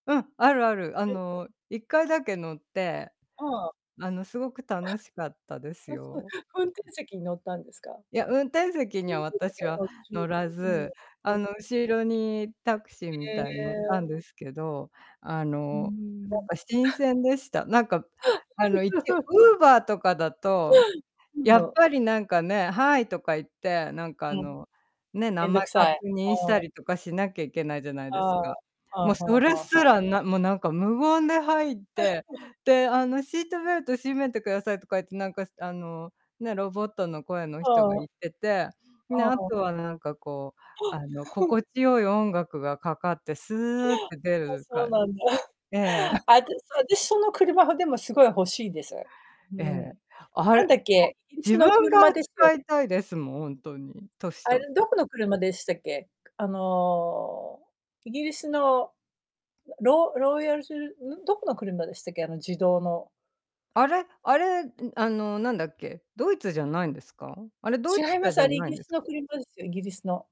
うん、あるある。あはい。の1回だけ乗ってうん。あのすごく楽しかったで [unintelligible] すあ、そう、よ。運転席に乗ったんですか？いや、運転席に運は転席私はは乗らず、あの [unintelligible] 後ろにタクシーみへたいに乗ったんえ。ですけど、あうーのなんん。か新 [unintelligible] 鮮でした。なんかあの一応 Uber とかだと、うやっん。ぱりなんかね、Hi とか言って、なんかうあん。のね、め名ん前どくさ確い、認しおたお。りとかしなきゃいけないじゃないあですあ、か。はあもはうあそれはすあはあ。らなもうなんか無言で入って、であのシートベルト締めてくださいとか言って、なんかあのね、ロボットの声の人がうん。言ってて、でああとあ。はなんかこう、あのう、ふん。心地よい音楽がかかってすーって出あ、るかそうんなんだ。ええ。あたしあたしその車、でもすごい欲しいです。うえん。え、あなんれだっこけ、イギリス自の分車がですよ使いね？たいですもん、ほんとに、年あれ取ったどら。この車でしたっけ、あのイギリスのロロイヤルすん、どこの車でしたっけあの自動のあれあれ、あのなんだっけ、ドイツじゃないんですか？あれ、ドイ違ツいま車す、じあゃれイなギいんリでスすか？の車ですよ、イギリスの。